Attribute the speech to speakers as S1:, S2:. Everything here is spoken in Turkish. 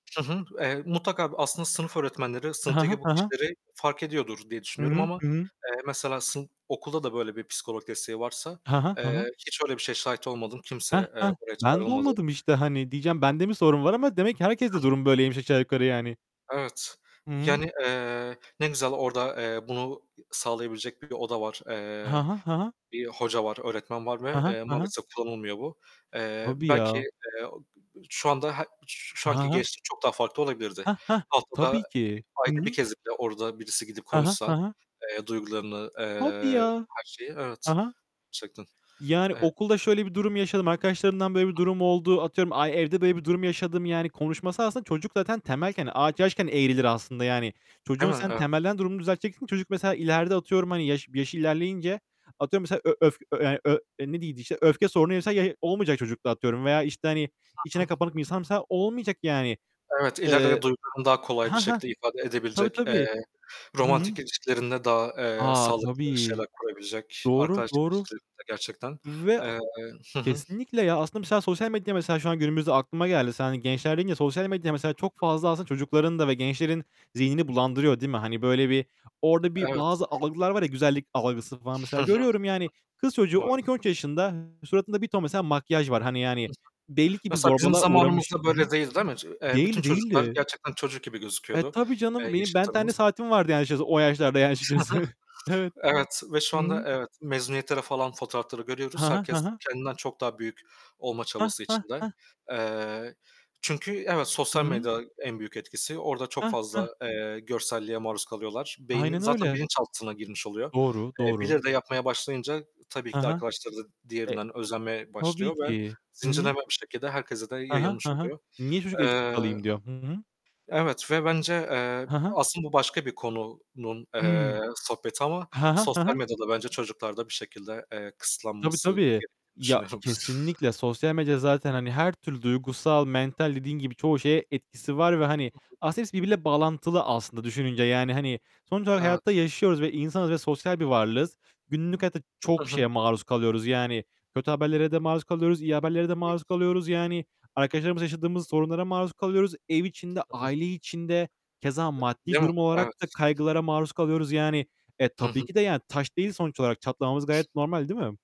S1: Hı hı, eee, mutlaka, bu aslında sınıf öğretmenleri
S2: Hı hı.
S1: sınıftaki bu
S2: Hı hı.
S1: kişileri fark ediyordur diye
S2: Hı
S1: düşünüyorum
S2: hı.
S1: ama,
S2: Hı hı.
S1: eee, mesela sın okulda da böyle bir psikolog desteği varsa,
S2: Hı hı. Hı hı.
S1: eee, hiç öyle bir şeye şahit olmadım.
S2: Hah,
S1: Kimse, eee.
S2: hah.
S1: [unintelligible]
S2: Ben de
S1: Olmadı.
S2: olmadım işte. Hani, diyeceğim,
S1: Hı
S2: "Ben de
S1: hı.
S2: mi sorun var?" ama demek ki herkeste
S1: Hıh.
S2: durum böyleymiş aşağı yukarı yani.
S1: Evet,
S2: Hı hı.
S1: yani, eee, ne güzel orada, eee, bunu sağlayabilecek bir oda var.
S2: Ha
S1: Eee,
S2: ha. Ha ha.
S1: bir hoca var, öğretmen var
S2: Hı
S1: ve,
S2: hı.
S1: eee,
S2: Hı hı.
S1: maalesef kullanılmıyor bu. Eee,
S2: Tabii
S1: belki,
S2: ya.
S1: eee, o şu anda he şu şu
S2: Ha
S1: anki
S2: ha.
S1: gençlik çok daha farklı olabilirdi.
S2: Hah, hah.
S1: Haftada,
S2: Tabii
S1: eee,
S2: ki. Hı
S1: ayda 1
S2: hı.
S1: kez bile orada birisi gidip
S2: Ha ha.
S1: konuşsa,
S2: Ha ha.
S1: eee, duygularını eee,
S2: Tabii ya.
S1: her şeyi evet,
S2: Ha ha.
S1: gerçekten.
S2: Yani
S1: Eee
S2: "Okulda şöyle bir durum yaşadım. Arkadaşlarımdan böyle bir durum oldu." Atıyorum, "Ay evde böyle bir durum yaşadım." Yani konuşması aslında çocuk zaten temelken, ağaç yaşken eğrilir aslında yani. Çocuğun
S1: Değil mi?
S2: sen
S1: Evet.
S2: temelden durumunu düzelteceksin, çocuk mesela ileride atıyorum hani yaş yaşı ilerleyince atıyorum mesela ö öf, yani ö ne deniyordu işte, öfke sorunuysa ya olmayacak çocukta atıyorum veya işte, hani,
S1: Hı
S2: içine
S1: hı.
S2: kapanık bir insansa olmayacak yani.
S1: Evet, ileride
S2: Eee
S1: duygularını daha kolay bir
S2: Hah, hah.
S1: şekilde ifade
S2: Tabii
S1: edebilecek,
S2: tabii.
S1: eee,
S2: Hı hı.
S1: romantik ilişkilerinde daha, eee,
S2: A,
S1: sağlıklı
S2: tabii.
S1: şeyler kurabilecek,
S2: Doğru.
S1: arkadaşlık
S2: Doğru.
S1: ilişkilerinde, gerçekten,
S2: Ve
S1: eee Hı hı.
S2: Kesinlikle ya aslında mesela sosyal medyada mesela şu an günümüzde aklıma geldi. Sen hani gençler deyince sosyal medyada mesela
S1: Hı
S2: çok
S1: hı.
S2: fazla aslında çocukların da ve gençlerin zihnini bulandırıyor değil mi? Hani böyle bir orada bir
S1: Evet.
S2: bazı algılar var ya güzellik algısı falan mesela
S1: Hı hı.
S2: görüyorum yani kız çocuğu on
S1: Maalesef.
S2: iki on üç yaşında. Suratında bir ton mesela makyaj var. Hani yani
S1: Hı hı.
S2: belli ki bir
S1: Mesela bizim
S2: zorbalığa uğramış.
S1: zamanımızda
S2: Hı hı.
S1: böyle değil, değil mi? Eee, bütün
S2: Değildi,
S1: çocuklar
S2: değildi.
S1: gerçekten çocuk gibi
S2: Eee,
S1: gözüküyordu,
S2: tabii
S1: eee,
S2: canım, benim Ben 10'li
S1: yaşıtlarımız.
S2: saatim vardı açıkçası o yaşlarda yani
S1: Hı
S2: açıkçası. Evet.
S1: hı. Evet ve şu
S2: Hı
S1: anda
S2: hı.
S1: evet, mezuniyetleri falan fotoğrafları görüyoruz.
S2: Ha ha. Ha
S1: Herkes
S2: ha.
S1: kendinden çok daha büyük olma
S2: Hah,
S1: çabası
S2: hah,
S1: içinde.
S2: hah.
S1: Eee, çünkü evet
S2: Hı
S1: sosyal
S2: hı.
S1: medya en büyük etkisi. Orada çok
S2: Hah,
S1: fazla,
S2: hah.
S1: eee, görselliğe maruz kalıyorlar. Beynin
S2: Aynen
S1: zaten
S2: öyle.
S1: bilinçaltına girmiş oluyor.
S2: Doğru,
S1: Eee,
S2: doğru.
S1: birileri de yapmaya başlayınca tabii
S2: Hı
S1: ki de
S2: hı.
S1: arkadaşları da
S2: Eee
S1: diğerinden özenmeye
S2: tabii
S1: başlıyor ve
S2: ki. Hı hı.
S1: zincirlenme bir şekilde herkese de
S2: Ha ha,
S1: yayılmış
S2: ha ha.
S1: oluyor.
S2: Niye çocuk eksik
S1: Eee,
S2: kalayım diyor. Hı hı.
S1: evet ve bence, eee,
S2: Hı hı.
S1: aslında bu başka bir konunun,
S2: Hımm.
S1: eee, sohbeti ama
S2: Ha ha. Ha
S1: sosyal
S2: ha.
S1: medyada bence çocuklarda bir şekilde, eee,
S2: Tabii
S1: kısıtlanması
S2: tabii.
S1: gerektiğini
S2: Ya
S1: düşünüyorum.
S2: kesinlikle, sosyal medya zaten hani her türlü duygusal, mental dediğin gibi çoğu şeye etkisi var ve hani
S1: Hı hı.
S2: aslında hepsi birbiriyle bağlantılı aslında düşününce. Yani hani sonuç olarak hayatta
S1: Evet.
S2: yaşıyoruz ve insanız ve sosyal bir varlığız. Günlük hayatta
S1: Hı
S2: çok
S1: hı.
S2: şeye maruz kalıyoruz. Yani kötü haberlere de maruz kalıyoruz, iyi haberlere de
S1: Evet.
S2: maruz kalıyoruz. Yani arkadaşlarımızla yaşadığımız sorunlara maruz kalıyoruz. Ev içinde,
S1: Hı hı.
S2: aile içinde keza maddi
S1: Değil mi?
S2: durum olarak da
S1: Evet.
S2: kaygılara maruz kalıyoruz yani. Eee,
S1: Hı
S2: tabii
S1: hı.
S2: ki de yani, taş değiliz sonuç olarak. Çatlamamız gayet normal değil mi?